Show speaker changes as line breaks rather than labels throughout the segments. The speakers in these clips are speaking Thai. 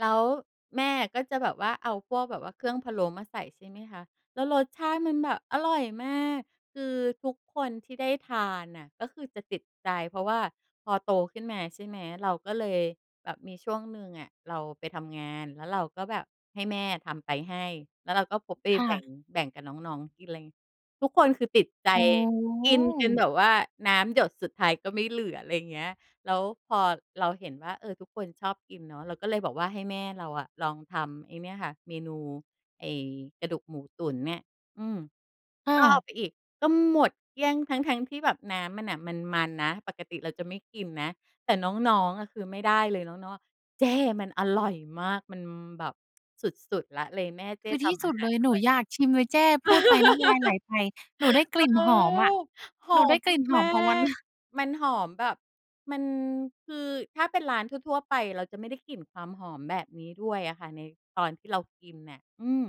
แล้วแม่อะก็จะแบบว่าเอาพวกแบบว่าเครื่องพะโล้มาใส่ ใช่ไหมคะ แล้วรสชาติมันแบบอร่อยมาก คือทุกคนที่ได้ทานน่ะ ก็คือจะติดใจ เพราะว่าพอโตขึ้นมา ใช่ไหม เราก็เลยแบบมีช่วงหนึ่งอะ เราไปทำงาน แล้วเราก็แบบให้แม่ทำไปให้ แล้วเราก็พกไป
ค่
แบ
ะ
่ง แบ่งกับน้อง ๆ กิน อะไรงี้ ทุกคนคือติดใจ
อ๋
กินจนแบ
อ
บว่าน้ำหยดสุดท้ายก็ไม่เหลือ อะไรอย่างเงี้ย แล้วพอเราเห็นว่า เออ ทุกคนชอบกินเนาะ เราก็เลยบอกว่าให้แม่เราอะลองทำไอ้เนี่ยค่ะ เมนูไอ้กระดูกหมูตุ๋นเนี่ย อืม
ค่
ก็เ
ะ
อาไปอีก ก็หมดเกลี้ยงทั้ง ๆ ที่แบบน้ำมันน่ะมัน ๆ นะ ปกติเราจะไม่กินนะ แต่น้อง ๆ อะคือไม่ได้เลย น้อง ๆ อะ "เจ้ มันอร่อยมาก มันแบบสุด ๆ ละ เลยแม่เจ
ค
้
ือ
ท
ที่
ำ
ส
อา
ุด
ห
เ
า
ล
ร
ย
อ
หนู
ร่อย"
อยากชิมเลยแจ้ พูดไปน้ำลายไหลไป หนูได้กลิ่น
เออ
หอมอะ
ห
ห
อ
นูได้
ม
กลิ่นหอ
ม
ม
า
ของวันเล
ก
ย
ๆ มันหอมแบบ มัน คือถ้าเป็นร้านทั่ว ๆ ไป เราจะไม่ได้กลิ่นความหอมแบบนี้ด้วยอะค่ะ ในตอนที่เรากินเนี่ย อืม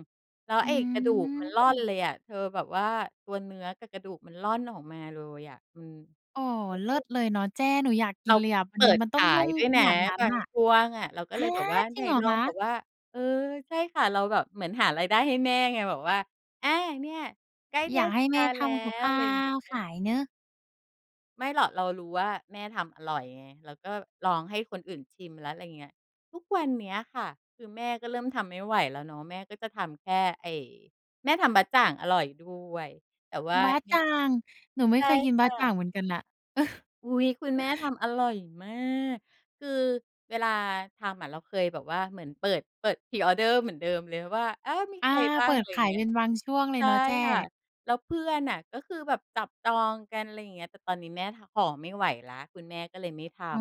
แล้ว
อื
ไอ้กระดูกมันร่อน
ม
เลยอะเธอ แบบว่าตัวเนื้อกับกระดูกมันร่อนออกมาเลยอะ อืม
อ๋อ เล
เ
ิ
อ
ศ
อ
เลยเนาะแจ้ หนูอยากก
เ
ิ
ร
น
า
เลยอะ มั
เป
น
ิด
มันต
ข
้อง
า
นุ่
ย
ม
ด้วย
ข
นะ
นาดนั้น
บา
อ
ง
ะ
ช่วงอะ เราก็
ฮ
เล
ะ!
ยแบบว่า
จร
ไห
ิ
น
งเหรอ
ลอ
ค
ง
ะ?
แบบว่า เออ ใช่ค่ะ เราแบบเหมือนหารายได้ให้แม่ไง แบบว่า อา เนี่ยใกล้
อ
เ
ย
ท
ากใ
ศ
ห้
ก
แม่
าล
ท
แล้
ำกับ
ว
ข้
อ
า
ะไรอย่างเงี้
วขา
ย
ยเนาะ
ไม่หรอก เรารู้ว่าแม่ทำอร่อยไง เราก็ลองให้คนอื่นชิมแล้ว อะไรอย่างเงี้ย ทุกวันเนี้ยค่ะ คือแม่ก็เริ่มทำไม่ไหวแล้วเนาะ แม่ก็จะทำแค่ไอ้ แม่ทำบ๊ะจ่างอร่อยด้วย แต่ว่า
บ๊ะ
ย
จ่าง! หนูไม
ใช
่
่
เคยกิน
ค
บ๊
่
ะจ่
ะ
างเหมือนกันน่ะ
อุ๊ย! คุณแม่ทำอร่อยมาก คือเวลาทำอะเราเคยแบบว่าเหมือนเปิด เปิด Pre-order เหมือนเดิมเลยว่า อา มี
อา
ใครบ้
เ
า
ป
ง
ิ
อ
ด
ะไรอ
ข
ย่า
า
ง
ย
เงี
เ
้
ป
ย
็นบางช่วงเล
ใช
ย
่
เนาะแจ้
ค่ะ แล้วเพื่อนอะก็คือแบบจับจองกัน อะไรอย่างเงี้ย แต่ตอนนี้แม่ทำ ห่อไม่ไหวแล้ว คุณแม่ก็เลยไม่ท
อ๋อ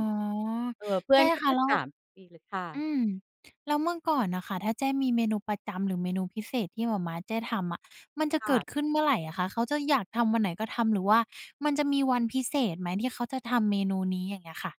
ำ เออ เพื
แ
่
จ
อ
้
นก็
ค
จ
ะ
ะ
แล้
ถ
ว
ามทุกปีเลย ค่
อ
ะ
ืม แล้วเมื่อก่อนน่ะค่ะ ถ้าแจ้มีเมนูประจำ หรือเมนูพิเศษที่หม่าม้าแจ้ทำอะ มันจะ
ค
เ
่
กิด
ะ
ขึ้นเมื่อไรอะคะ? เขาจะอยากทำวันไหนก็ทำ หรือว่ามันจะมีวันพิเศษไหม ที่เขาจะทำเมนูนี้? อย่างเงี้ยค่ะ